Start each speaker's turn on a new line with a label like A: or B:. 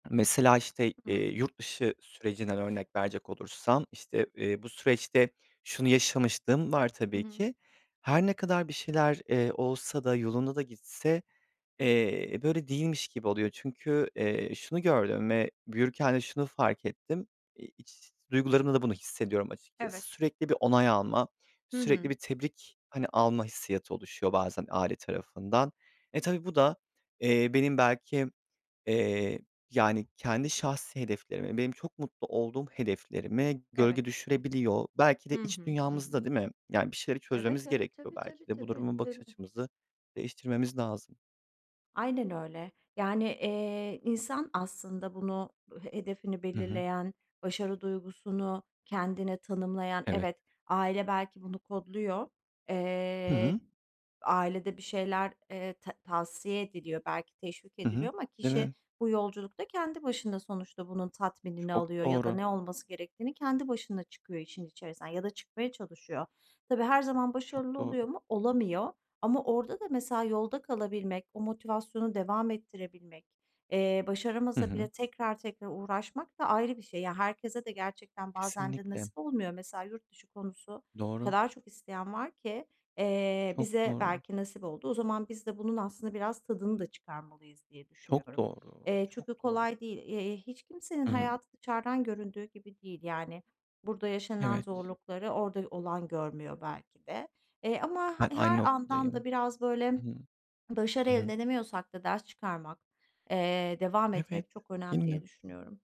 A: Mesela, işte,
B: Hı
A: eee,
B: hı.
A: yurt dışı sürecinden örnek verecek olursam, işte, eee, bu süreçte şunu yaşamışlığım var
B: I
A: tabii
B: hı.
A: ki. Her ne kadar bir şeyler, eee, olsa da, yolunda da gitse, eee, böyle değilmiş gibi oluyor çünkü, eee, şunu gördüm ve büyürken de şunu fark ettim. İ iç duygularımla da bunu hissediyorum
B: Evet.
A: açıkçası. Sürekli bir onay almak,
B: Hı
A: sürekli
B: hı.
A: bir tebrik, hani, alma hissiyatı oluşuyor bazen aile tarafından. E, tabii bu da, eee, benim belki, eee, yani, kendi şahsi hedeflerime, benim çok mutlu olduğum hedeflerime
B: Evet.
A: gölge düşürebiliyor. Belki
B: Hı
A: de iç
B: hı, hı hı.
A: dünyamızda, değil mi? Yani, bir şeyleri
B: Evet,
A: çözmemiz
B: evet.
A: gerekiyor
B: Tabii,
A: belki
B: tabii,
A: de. Bu
B: tabii,
A: duruma bakış
B: tabii.
A: açımızı değiştirmemiz lazım.
B: Aynen öyle. Yani, eee, insan aslında bunu, he hedefini
A: Hı hı.
B: belirleyen, başarı duygusunu kendine tanımlayan.
A: Evet.
B: Evet, aile belki bunu kodluyor,
A: Hı
B: eee,
A: hı.
B: ailede bir şeyler, eee, ta tavsiye ediliyor, belki teşvik
A: Hı hı.
B: ediliyor ama
A: Değil
B: kişi
A: mi?
B: bu yolculukta kendi başına sonuçta bunun tatminini
A: Çok
B: alıyor ya da
A: doğru.
B: ne olması gerektiğini kendi başına çıkıyor işin içerisinden ya da çıkmaya çalışıyor. Tabii her zaman
A: Çok
B: başarılı
A: doğru.
B: oluyor mu? Olamıyor ama orada da mesela yolda kalabilmek, o motivasyonu devam ettirebilmek, eee,
A: Hı
B: başaramasa
A: hı.
B: bile tekrar tekrar uğraşmak da ayrı bir şey. Ya, herkese de gerçekten bazen de
A: Kesinlikle.
B: nasip olmuyor. Mesela yurt dışı konusu, o
A: Doğru.
B: kadar çok isteyen var ki, eee,
A: Çok
B: bize
A: doğru.
B: belki nasip oldu. O zaman biz de bunun aslında biraz tadını da çıkarmalıyız diye
A: Çok
B: düşünüyorum.
A: doğru,
B: Eee, çok
A: çok
B: da
A: doğru.
B: kolay değil. Eee, hiç kimsenin
A: Hı hı.
B: hayatı dışarıdan göründüğü gibi değil. Yani, burada yaşanılan
A: Evet.
B: zorlukları orada olan görmüyor belki de. Eee, ama
A: Ben
B: he
A: aynı
B: her andan da
A: noktadayım.
B: biraz
A: Hı
B: böyle
A: hı,
B: başarı
A: hı hı.
B: elde edemiyorsak da ders çıkarmak, eee, devam
A: Evet,
B: etmek çok
A: değil
B: önemli
A: mi?
B: diye düşünüyorum.